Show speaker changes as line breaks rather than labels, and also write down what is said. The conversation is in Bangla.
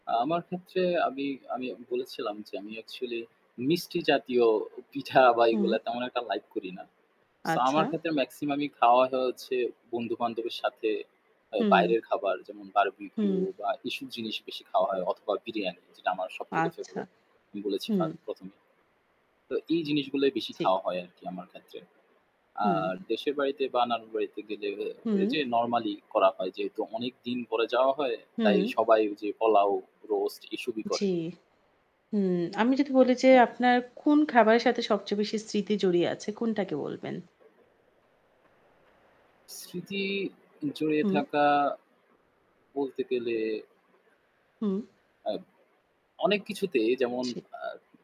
আমার ক্ষেত্রে আমি আমি বলেছিলাম যে আমি অ্যাকচুয়ালি, মিষ্টি জাতীয় পিঠা বা
হুম।
এগুলা তেমন একটা লাইক করি না। সো
আচ্ছা।
আমার ক্ষেত্রে মেক্সিমাম খাওয়া হয় হচ্ছে, বন্ধু-বান্ধবের সাথে আ
হুম।
বাইরের খাবার যেমন বারবিকিউ
হুম।
বা এসব জিনিস বেশি খাওয়া হয় অথবা বিরিয়ানি যেটা আমার সবথেকে
আচ্ছা।
ফেভারাইট। আমি বলেছি
হুম।
১ম এই। তো এই জিনিসগুলোই বেশি
ঠিক।
খাওয়া হয় আরকি আমার ক্ষেত্রে।
হুম।
আর দেশের বাড়িতে বা নানুর বাড়িতে গেলে এ
হুম।
যে নরমালি করা হয়। যেহেতু অনেক দিন পরে যাওয়া হয়, তাই
হুম।
সবাই ঐযে পোলাও, রোস্ট এসবই
জি।
করে।
হু, আমি যদি বলি যে
হ্যাঁ।
আপনার কোন খাবারের সাথে সবচেয়ে বেশি স্মৃতি জড়িয়ে আছে কোনটাকে বলবেন?
স্মৃতি, জড়িয়ে
হুম।
থাকা, বলতে গেলে।
হুম।
আব অনেক কিছুতেই যেমন
জি।
আ